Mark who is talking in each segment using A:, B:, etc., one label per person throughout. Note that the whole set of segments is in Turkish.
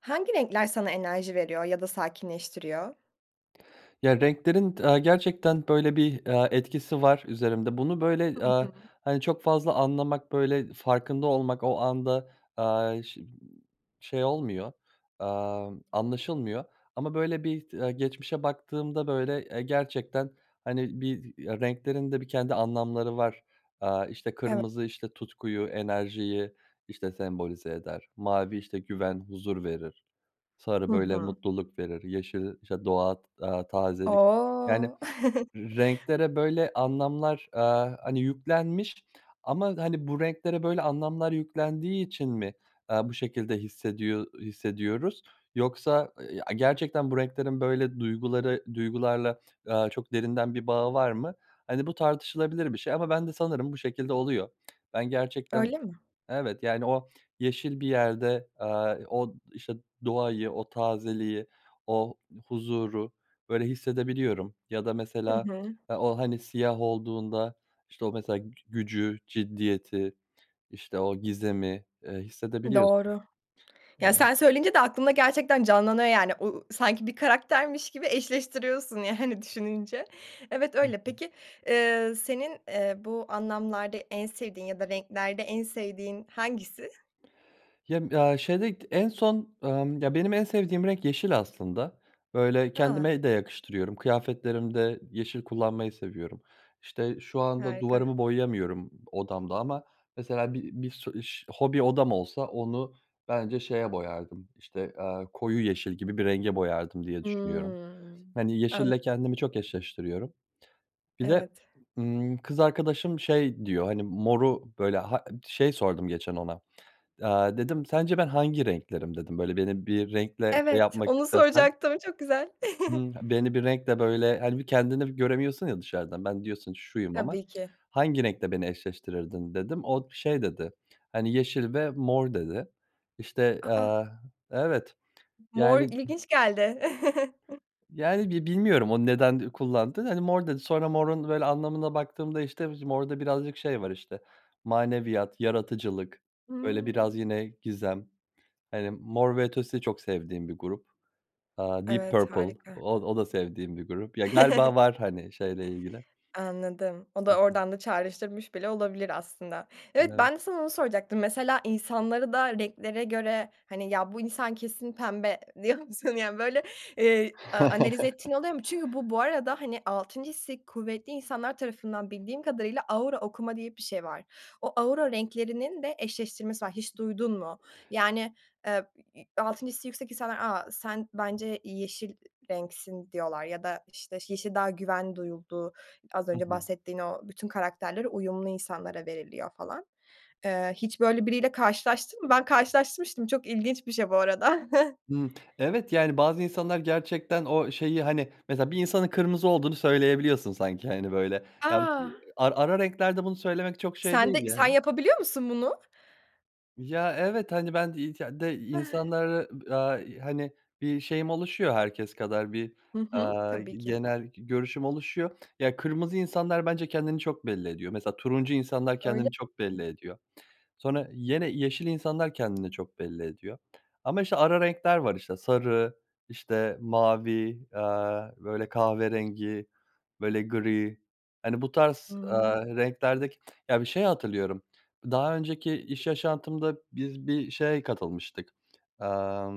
A: Hangi renkler sana enerji veriyor ya da sakinleştiriyor?
B: Ya, renklerin t aaa, gerçekten, böyle, bir, aaa, etkisi var üzerimde. Bunu,
A: Hı
B: böyle,
A: hı.
B: aaa, hani, çok fazla anlamak, böyle, farkında olmak o anda, aaa, ş ııı, şey olmuyor, amm, anlaşılmıyor ama, böyle, bir t aaa, geçmişe baktığımda, böyle, eee, gerçekten, hani, bizi, eee, renklerin de bir kendi anlamları var. Aaa, işte,
A: Evet.
B: kırmızı, işte, tutkuyu, enerjiyi, işte, sembolize eder. Mavi, işte, güven, huzur verir.
A: Hı
B: Sarı, böyle,
A: hı.
B: mutluluk verir. Yeşil, işte, doğa t aaa, tazelik yani,
A: O!
B: renklere böyle anlamlar, aaa, hani, yüklenmiş ama, hani, bu renklere böyle anlamlar yüklendiği için mi, aaa, bu şekilde hissediyo ııı, hissediyoruz? Yoksa, eee, ya, gerçekten bu renklerin böyle duyguları duygularla, aaa, çok derinden bir bağı var mı? Hani, bu tartışılabilir bir şey ama bende sanırım bu şekilde oluyor. Ben gerçekten
A: Öyle mi?
B: Evet. Yani, o yeşil bir yerde, aaa, i o, işte, doğayı, o tazeliği, o huzuru, böyle, hissedebiliyorum. Ya da
A: Hı
B: mesela,
A: hı.
B: eee, o, hani, siyah olduğunda, işte, o mesela gü gücü, ciddiyeti, işte, o gizemi, eee, hissedebiliyorsun,
A: Doğru. Ya,
B: yani.
A: sen söyleyince de aklımda gerçekten canlanıyor yani. U u sanki bir karaktermiş gibi eşleştiriyorsun yani, düşününce. Evet
B: Hı
A: öyle.
B: hı.
A: Peki, eee, senin, eee, bu anlamlarda en sevdiğin ya da renklerde en sevdiğin hangisi?
B: Yem ya, şeyde k en son, amm, ya, benim en sevdiğim renk yeşil aslında. Böyle,
A: I a.
B: kendime de yakıştırıyorum. Kıyafetlerimde yeşil kullanmayı seviyorum. İşte, şu anda
A: Harika.
B: duvarımı boyayamıyorum odamda ama mesela bi bir su iş hobi odam olsa onu bence şeye boyardım, işte, aaa, koyu yeşil gibi bir renge boyardım diye düşünüyorum.
A: Hımm.
B: Hani,
A: An
B: yeşille kendimi çok eşleştiriyorum. Bir de,
A: Evet.
B: ımm, kız arkadaşım şey diyor, hani, moru, böyle, ha ın Şey sordum geçen ona, aaa, dedim, "Sence ben hangi renklerim?" dedim, "Böyle, beni bir renkle şey
A: Evet,
B: yapmak
A: onu
B: istesen"
A: soracaktım. Çok güzel.
B: Hımm, beni bir renkle, böyle Hani, bir kendini bir göremiyorsun ya dışarıdan. "Ben" diyorsun, "...şuyum." ama,
A: Tabii ki.
B: "Hangi renkle beni eşleştirirdin?" dedim. O d şey dedi, hani, "Yeşil ve mor. dedi. İşte,
A: A, a!
B: aaa Evet,
A: Mor
B: yani da
A: ilginç geldi.
B: Yani, bi bilmiyorum o neden ü kullandığını. Hani, "Mor." dedi. Sonra morun, böyle, anlamında baktığımda, işte, [unintelligible] morda birazcık şey var, işte, maneviyat, yaratıcılık, böyle, biraz
A: Hımm.
B: yine gizem. Hani, Mor ve Ötesi de çok sevdiğim bir grup. Aaa, Deep
A: Evet,
B: Purple,
A: harika.
B: o o da sevdiğim bir grup. Ya, galiba var, hani, şeyle ilgili.
A: Anladım. O da
B: [unintelligible]
A: oradan da çağrıştırmış bile olabilir aslında.
B: Ben
A: Evet,
B: evet.
A: ben de sana onu soracaktım. Mesela insanları da renklere göre, hani, ya, "Bu insan kesin pembe." diyor musun, yani, böyle, eee, a analiz ettiğin oluyor mu? Çünkü bu, bu arada, hani, 6'ncı hissi kuvvetli insanlar tarafından bildiğim kadarıyla "aura okuma" diye bir şey var. O, "aura renklerinin" de eşleştirmesi var, hiç duydun mu? Yani, eee, i i 6'ncı hissi yüksek insanlar, "A, sen bence yeşil renksin." diyorlar ya da, işte, yeşil daha güven duyulduğu, az
B: I
A: önce
B: hı.
A: bahsettiğin o bütün karakterlere uyumlu insanlara veriliyor falan. Eee, hiç böyle biriyle karşılaştın mı? Ben karşılaşmıştım, çok ilginç bir şey bu arada.
B: Hıı, evet, yani, bazı insanlar gerçekten o şeyi, hani Mesela bir insanın kırmızı olduğunu söyleyebiliyorsun sanki, hani, böyle. Ya
A: A!
B: ar ara renklerde bunu söylemek çok şey
A: Sen
B: değil
A: de Sen
B: yani.
A: yapabiliyor musun bunu?
B: Ya, evet, hani, ben de [unintelligible] de insanları, aaa, i hani, bir şeyim oluşuyor, herkes kadar bir,
A: Hı hı,
B: aaa, g
A: tabii ki.
B: genel g görüşüm oluşuyor. Ya, kırmızı insanlar, bence, kendini çok belli ediyor, mesela, turuncu insanlar
A: Öyle
B: kendini çok belli ediyor. Sonra yine yeşil insanlar kendini çok belli ediyor. Ama, işte, ara renkler var, işte, sarı, işte, mavi, aaa, böyle, kahverengi, böyle gri, hani, bu
A: Hı
B: tarz,
A: hı.
B: aaa, renklerdeki ya, bir şeyi hatırlıyorum. Daha önceki iş yaşantımda biz bir şeye katılmıştık, aaa,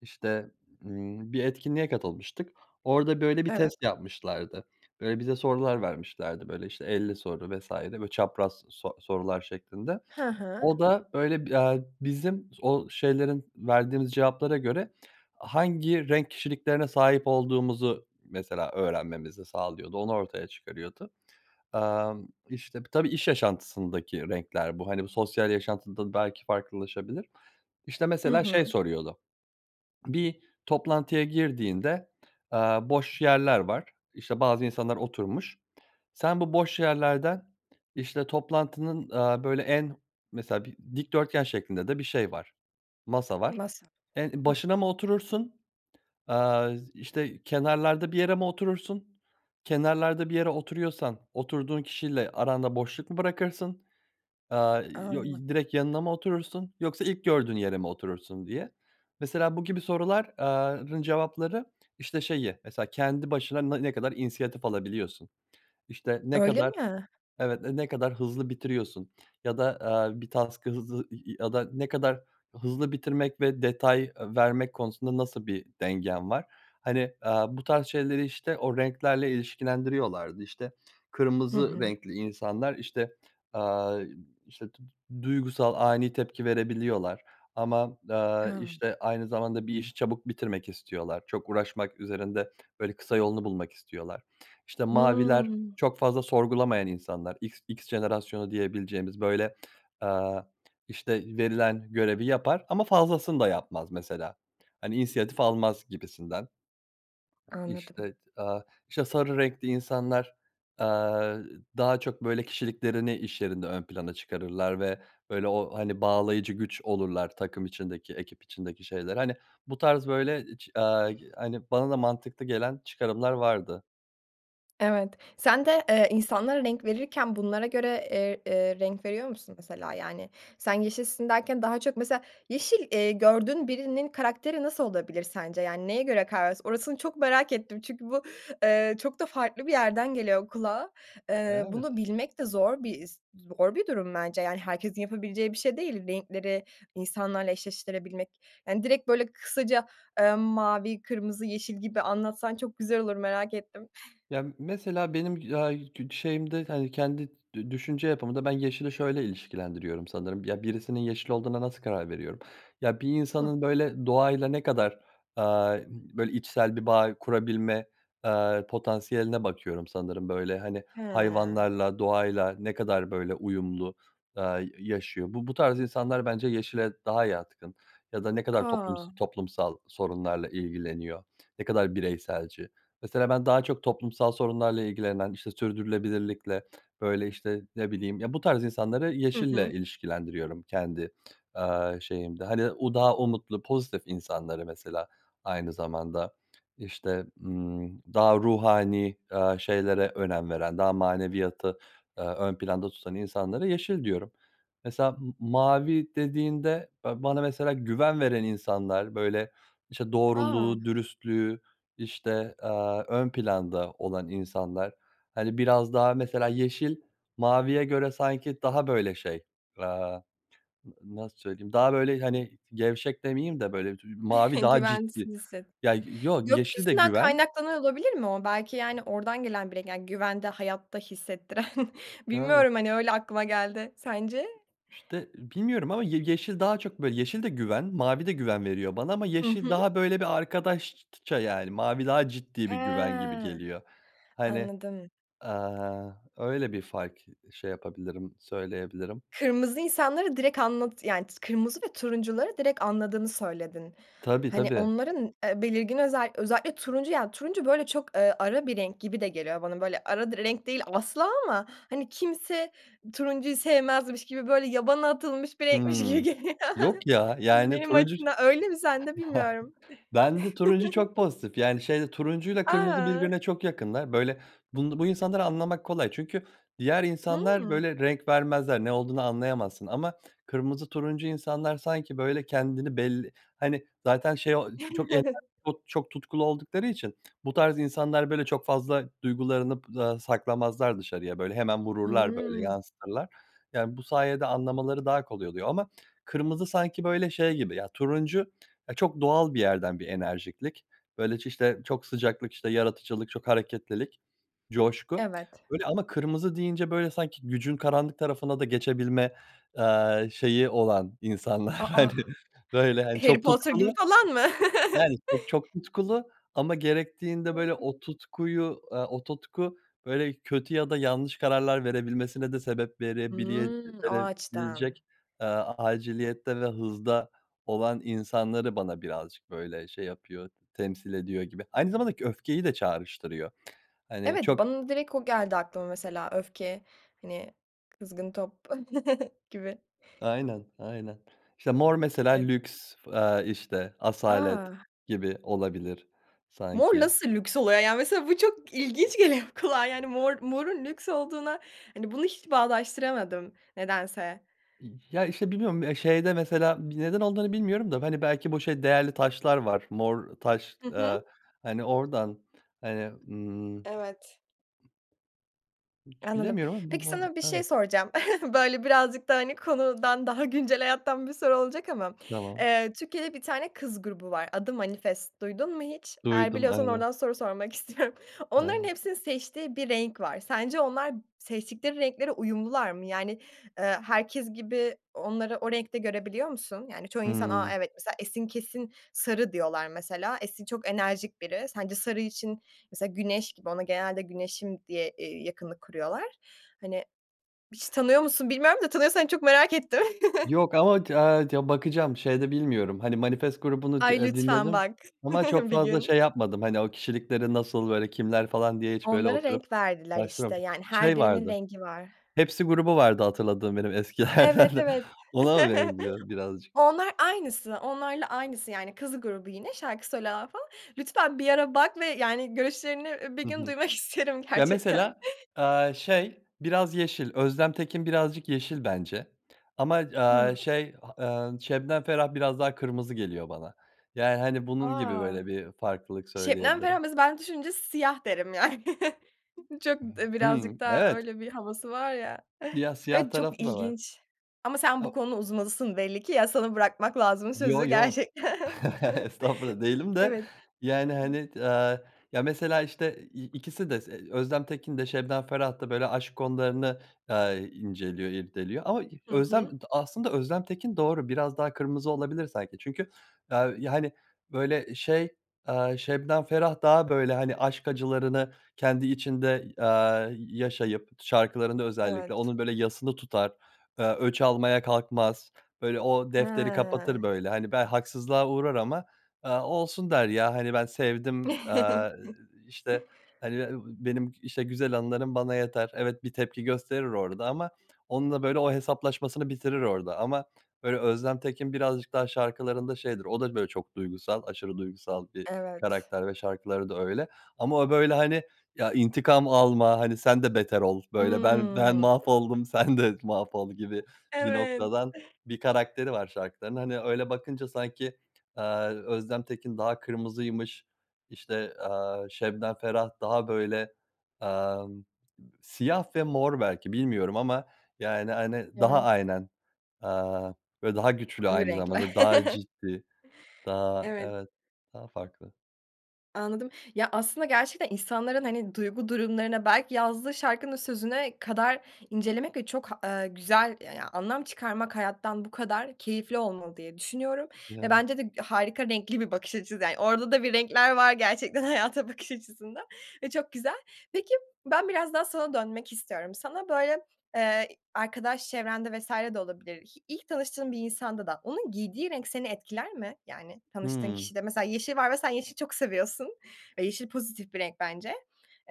B: işte, ımm, bir etkinliğe katılmıştık, orada, böyle, bir
A: Evet.
B: test yapmışlardı. Eee, bize sorular vermişlerdi, böyle, işte, 50 soru vs. böyle, çapraz so sorular şeklinde,
A: Hı hı.
B: o da öyle bi aaa, bizim o şeylerin verdiğimiz cevaplara göre hangi renk kişiliklerine sahip olduğumuzu, mesela, öğrenmemizi sağlıyordu, onu ortaya çıkarıyordu. Aaa, işte, tabii iş yaşantısındaki renkler bu, hani, sosyal yaşantıda belki farklılaşabilir. İşte,
A: Hı
B: mesela, şey
A: hı.
B: soruyordu, bir toplantıya girdiğinde, aaa, boş yerler var, işte, bazı insanlar oturmuş, sen bu boş yerlerden, işte, toplantının, aaa, böyle, en mesela bir dikdörtgen şeklinde de bir şey var, masa var.
A: Masa.
B: En
A: Hıh.
B: başına mı oturursun, aaa, işte, kenarlarda bir yere mi oturursun, kenarlarda bir yere oturuyorsan oturduğun kişiyle aranda boşluk mu bırakırsın, aaa, yo
A: A!
B: y direkt yanına mı oturursun yoksa ilk gördüğün yere mi oturursun diye. Mesela, bu gibi sorular aaa, rın cevapları, işte, şeyi, mesela, kendi başına na ne kadar inisiyatif alabiliyorsun? İşte, ne
A: Öyle
B: kadar,
A: mi?
B: evet, n ne kadar hızlı bitiriyorsun? Ya da, aaa, bir task'ı hızlı y ya da ne kadar hızlı bitirmek ve detay vermek konusunda nasıl bir dengen var? Hani, aaa, bu tarz şeyleri, işte, o renklerle ilişkilendiriyorlardı, işte,
A: Hı
B: kırmızı
A: hı.
B: renkli insanlar, işte, aaa, işte, du duygusal, ani tepki verebiliyorlar ama, aaa,
A: Ya.
B: işte, aynı zamanda bir işi çabuk bitirmek istiyorlar. Çok uğraşmak üzerinde, böyle, kısa yolunu bulmak istiyorlar. İşte, maviler
A: Hımm.
B: çok fazla sorgulamayan insanlar, X X jenerasyonu diyebileceğimiz, böyle, aaa, işte, verilen görevi yapar ama fazlasını da yapmaz, mesela, hani, inisiyatif almaz gibisinden.
A: Anladım.
B: İşte, aaa, işte, sarı renkli insanlar, aaa, daha çok, böyle, kişiliklerini iş yerinde ön plana çıkarırlar ve, böyle, o, hani, bağlayıcı güç olurlar takım içindeki, ekip içindeki şeyler. Hani, bu tarz, böyle, iç aaa, hani, bana da mantıklı gelen çıkarımlar vardı.
A: Evet, sen de, eee, insanlara renk verirken bunlara göre, eee, eee, renk veriyor musun mesela yani sen yeşilsin derken daha çok mesela yeşil, eee, gördüğün birinin karakteri nasıl olabilir sence, yani neye göre kara vers Orasını çok merak ettim çünkü bu, eee, çok da farklı bir yerden geliyor kulağa. Eee, bunu
B: Evet.
A: bilmek de zor bir, e z zor bir durum bence yani herkesin yapabileceği bir şey değil, renkleri insanlarla eşleştirebilmek, yani direkt böyle kısaca, eee, mavi, kırmızı, yeşil gibi anlatsan çok güzel olur, merak ettim.
B: Ya m mesela benim, aaa, yı ç şeyimde hani kendi dü düşünce yapımda ben yeşili şöyle ilişkilendiriyorum sanırım, ya, birisinin yeşil olduğuna nasıl karar veriyorum? Ya, bir
A: Hıh.
B: insanın böyle doğayla ne kadar, eee, böyle içsel bir bağ kurabilme, eee, potansiyeline bakıyorum sanırım böyle hani
A: Ha.
B: hayvanlarla, doğayla ne kadar böyle uyumlu, aaa, y yaşıyor. Bu bu tarz insanlar bence yeşile daha yatkın ya da ne kadar toplums
A: A!
B: toplumsal sorunlarla ilgileniyor, ne kadar bireyselci. Mesela ben daha çok toplumsal sorunlarla ilgilenen, işte sürdürülebilirlikle böyle işte ne bileyim ya bu tarz insanları
A: Hı
B: yeşille
A: hı.
B: ilişkilendiriyorum kendi, aaa, şeyimde. Hani o daha umutlu, pozitif insanları mesela aynı zamanda işte, ımm, daha ruhani, eee, şeylere önem veren daha maneviyatı, eee, ön planda tutan insanlara yeşil diyorum. Mesela m mavi dediğinde, eee, bana mesela güven veren insanlar böyle işte
A: A!
B: doğruluğu, dürüstlüğü işte, eee, ön planda olan insanlar hani biraz daha mesela yeşil maviye göre sanki daha böyle şey, aaa, n nasıl söyleyeyim daha böyle hani gevşek demeyeyim de böyle dü mavi daha ciddi,
A: Güvensin [unintelligible]
B: ya yoo yeşil de
A: Gökyüzünden
B: güven.
A: kaynaklanıyor olabilir mi o? Belki yani ordan gelen bir renk, yani güvende, hayatta hissettiren.
B: Evet.
A: Bilmiyorum hani öyle aklıma geldi. Sence?
B: İşte bilmiyorum ama ye yeşil daha çok böyle yeşil de güven, mavi de güven veriyor bana ama
A: Hı
B: yeşil
A: hı.
B: daha böyle bir arkadaşça yani mavi daha ciddi bir güven gibi
A: He.
B: geliyor. Hani,
A: Anladım.
B: aaa, öyle bir fark ı şey yapabilirim, söyleyebilirim.
A: Kırmızı insanları direkt anlatı yani kırmızı ve turuncuları direkt anladığını söyledin.
B: Tabii
A: Hani
B: tabii.
A: onların, eee, belirgin özel özellikle turuncu yani turuncu böyle çok, eee, ara bir renk gibi de geliyor bana. Böyle ara di renk değil asla ama hani kimse turuncuyu sevmezmiş gibi böyle yabana atılmış bir renkmiş gibi
B: Hıı.
A: geliyor.
B: Yok ya yani
A: Benim
B: turuncu
A: açımdan, öyle mi sende bilmiyorum.
B: bende turuncu çok pozitif yani şeyde turuncuyla kırmızı
A: A!
B: birbirine çok yakınlar böyle bun bu insanları anlamak kolay çünkü diğer insanlar
A: Hıı.
B: böyle renk vermezler, ne olduğunu anlayamazsın. Ama kırmızı, turuncu insanlar sanki böyle kendini belli hani zaten şey o ç çok ener çok tutkulu oldukları için bu tarz insanlar böyle çok fazla duygularını p aaa, saklamazlar dışarıya böyle hemen vururlar böyle
A: Hı.
B: yansıtırlar. Yani bu sayede anlamaları daha kolay oluyor ama kırmızı sanki böyle şey gibi ya turuncu ya çok doğal bir yerden bir enerjiklik. Böyle ç işte çok sıcaklık işte yaratıcılık, çok hareketlilik, coşku.
A: Evet.
B: Öyle ama kırmızı deyince böyle sanki gücün karanlık tarafına da geçebilme, eee, şeyi olan insanlar
A: A, a!
B: hani böyle hani
A: Harry
B: çok
A: Potter
B: tutkulu
A: gibi falan mı?
B: yani çok, çok tutkulu ama gerektiğinde böyle o tutkuyu, eee, o tutku böyle kötü ya da yanlış kararlar verebilmesine de sebep verebile
A: Hı. O açıdan.
B: verebilecek, eee, aciliyette ve hızda olan insanları bana birazcık böyle şey yapıyor temsil ediyor gibi aynı zamanda k öfkeyi de çağrıştırıyor. Hani
A: Evet,
B: çok
A: bana direkt o geldi aklıma mesela öfke, hani kızgın top gibi.
B: Aynen, aynen işte mor mesela
A: Evet.
B: lüks, eee, işte asalet
A: A!
B: gibi olabilir
A: Mor
B: sanki.
A: nasıl lüks oluyor ya? Mesela bu çok ilginç geliyor kulağa yani mor morun lüks olduğuna, hani bunu hiç bağdaştıramadım nedense.
B: Y ya işte bilmiyorum, eee, şeyde mesela bi neden olduğunu bilmiyorum da hani belki bu şey değerli taşlar var, mor taş,
A: Hı
B: aaa,
A: hı.
B: hani ordan hani, ımm, ımm,
A: Evet.
B: ç
A: Anladım.
B: bilemiyorum ama mı
A: Peki
B: mor
A: sana bir şey
B: evet.
A: soracağım. Böyle birazcık da hani konudan daha güncel hayattan bir soru olacak ama.
B: Tamam.
A: Eee, Türkiye'de bir tane kız grubu var. Adı "Manifest" duydun mu hiç? Eğer
B: Duydum,
A: biliyorsan
B: aynen.
A: ordan soru sormak istiyorum. Onların
B: Evet.
A: hepsinin seçtiği bir renk var. Sence onlar seçtikleri renklere uyumlular mı? Yani, ııı, herkes gibi onları o renkte görebiliyor musun? Yani çoğu insan, a
B: Hıı.
A: evet mesela Esin kesin sarı diyorlar mesela. Esin çok enerjik biri. Sence sarı için mesela güneş gibi, ona genelde güneşim diye, eee, yakınlık kuruyorlar. Hani, hiç tanıyor musun bilmiyorum da tanıyorsan çok merak ettim.
B: Yok ama ti a ti bakacağım, şeyde bilmiyorum hani Manifest grubunu d,
A: Ay
B: eee,
A: lütfen
B: dinledim
A: bak,
B: ama çok
A: bir
B: fazla
A: gün.
B: şey yapmadım hani o kişilikleri nasıl böyle kimler falan diye hiç böyle
A: Onlara
B: oturup
A: renk verdiler
B: araştıra
A: işte, yani her
B: Şey
A: birinin
B: vardı,
A: rengi var.
B: Hepsi grubu vardı hatırladığım benim eskilerden,
A: Evet, evet.
B: ona mı benziyor birazcık?
A: Onlar aynısı, onlarla aynısı yani. Kız grubu yine şarkı söylüyorlar falan. Lütfen bir ara bak ve yani görüşlerini, eee, bir
B: Hı
A: gün
B: hı.
A: duymak isterim
B: Ya
A: gerçekten.
B: mesela, aaa, şey biraz yeşil, Özlem Tekin birazcık yeşil bence ama, aaa,
A: Hı.
B: şey, eee, Şebnem Ferah biraz daha kırmızı geliyor bana. Yani hani bunun gibi
A: A!
B: böyle bir farklılık
A: Şebnem Ferah,
B: söyleyebilirim.
A: mesela ben düşününce siyah derim yani. Çok, d
B: Hı. Hı.
A: birazcık daha
B: Evet.
A: öyle bir havası var ya.
B: Siyah, siyah
A: Evet, çok
B: tarafı da var.
A: ilginç. Ama sen bu
B: O
A: konuda uzmanısın belli ki, ya sana bırakmak lazım
B: Yo
A: sözü
B: yo
A: gerçekten.
B: estağfurullah değilim de
A: Evet.
B: yani hani d, aaa, ya mesela işte i ikisi de se Özlem Tekin de Şebnem Ferah da böyle aşk konularını, aaa, i inceliyor, irdeliyor ama e
A: Hı
B: Özlem
A: hı.
B: aslında Özlem Tekin doğru biraz daha kırmızı olabilir sanki çünkü, aaa, hani böyle şey, aaa, Şebnem Ferah daha böyle hani aşk acılarını kendi içinde, aaa, y yaşayıp şarkılarında özellikle
A: Evet.
B: onun böyle yasını tutar, eee, öç almaya kalkmaz böyle o defteri
A: He.
B: kapatır böyle hani ben haksızlığa uğrar ama, aaa, olsun der ya hani ben sevdim. Eee, iii, işte hani be ııı, benim işte güzel anılarım bana yeter evet bir tepki gösterir orda ama onunla böyle o hesaplaşmasını bitirir orda ama öyle Özlem Tekin birazcık daha şarkılarında şeydir. O da böyle çok duygusal, aşırı duygusal bir
A: Evet.
B: karakter ve şarkıları da öyle. Ama o böyle hani ya intikam alma hani sen de beter ol böyle ben, ben
A: Hı.
B: mahvoldum sen de mahvol gibi bir
A: Evet.
B: noktadan bir karakteri var şarkıların. Hani öyle bakınca sanki, aaa, Özlem Tekin daha kırmızıymış, işte, aaa, Şebnem Ferah daha böyle, amm, siyah ve mor belki bilmiyorum ama yani hani daha
A: Evet.
B: aynen, eee, böyle daha güçlü
A: Koyu
B: aynı
A: renkler.
B: zamanda daha ciddi. Daha
A: Evet.
B: evet daha farklı.
A: Anladım. Ya, aslında gerçekten insanların, hani, duygu durumlarına, belki yazdığı şarkının sözüne kadar incelemek ve çok ha eee, güzel, ya ya anlam çıkarmak, hayattan bu kadar keyifli olmalı diye düşünüyorum. Ve
B: Evet.
A: bence de harika, renkli bir bakış açısı, yani. Orada da bir renkler var gerçekten, hayata bakış açısında ve çok güzel. Peki, ben biraz daha sana dönmek istiyorum. Sana böyle, eee, i arkadaş çevrende vs. de olabilir. Hi ilk tanıştığın bir insanda da onun giydiği renk seni etkiler mi? Yani, tanıştığın
B: Hımm.
A: kişide, mesela, yeşil var ve sen yeşil çok seviyorsun ve yeşil pozitif bir renk, bence.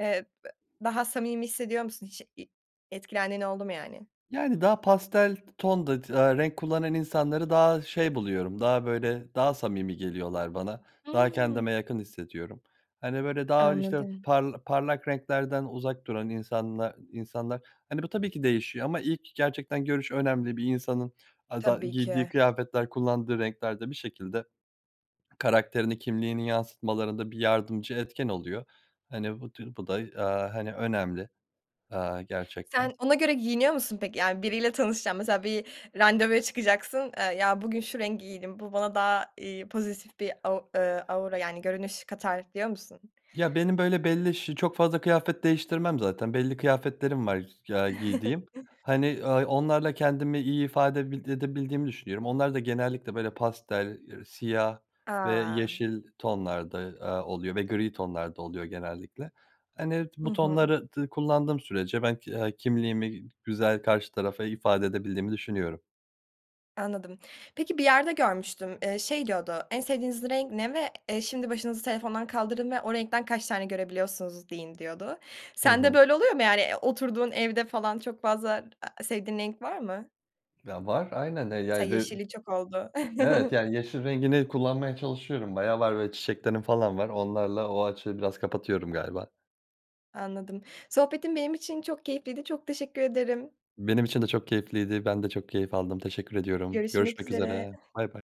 A: Eee, b daha samimi hissediyor musun hiç i etkilendiğin oldu mu, yani?
B: Yani, daha pastel t tonda tı eee, renk kullanan insanları daha şey buluyorum, daha, böyle, daha samimi geliyorlar bana. Daha kendime
A: Hımm.
B: yakın hissediyorum, hani, böyle, daha, işte,
A: Anladım.
B: parla parlak renklerden uzak duran insanla insanlar, hani, bu tabii ki değişiyor ama ilk gerçekten görüş önemli. Bir insanın aza
A: Tabii ki.
B: giydiği kıyafetler, kullandığı renkler de bir şekilde karakterini, kimliğini yansıtmalarında bir yardımcı etken oluyor. Hani, bu tür bu da, aaa, hani, önemli, aaa, gerçekten.
A: Sen ona göre giyiniyor musun, peki? Yani, biriyle tanışacaksın, mesela, bir randevuya çıkacaksın, eee, ya, bugün şu rengi giydim, bu bana daha, iii, pozitif bir au eee, aura, yani, görünüş katar diyor musun?
B: Ya, benim, böyle, belli ş çok fazla kıyafet değiştirmem zaten belli kıyafetlerim var, f ya, giydiğim. Hani, aaa, onlarla kendimi iyi ifade bildi edebildiğimi düşünüyorum. Onlar da genellikle, böyle, pastel, eee, siyah ve
A: A!
B: yeşil tonlarda, aaa, oluyor ve gri tonlarda oluyor genellikle. Hani, t
A: Hı
B: bu
A: hı.
B: tonları dı kullandığım sürece ben k eee, kimliğimi, güzel karşı tarafa ifade edebildiğimi düşünüyorum.
A: Anladım. Peki, bir yerde görmüştüm. Eee, şey diyordu, en sevdiğiniz renk ne ve, eee, şimdi başınızı telefondan kaldırın ve o renkten kaç tane görebiliyorsunuz deyin, diyordu.
B: Hı
A: Sende
B: hı.
A: böyle oluyor mu, yani? Eee, o oturduğun evde falan çok fazla a sevdiğin renk var mı?
B: Ya, var aynen. E,
A: Mesela
B: yani, re
A: yeşilin çok olduğu.
B: e evet, yani, yeşil rengini kullanmaya çalışıyorum. Bayağı var ve çiçeklerim falan var. Onlarla o açığı biraz kapatıyorum galiba.
A: Anladım. Sohbetin benim için çok keyifliydi. Çok teşekkür ederim.
B: Benim için de çok keyifliydi, ben de çok keyif aldım, teşekkür ediyorum.
A: Görüşmek
B: Görüşmek
A: üzere.
B: üzere, baybay.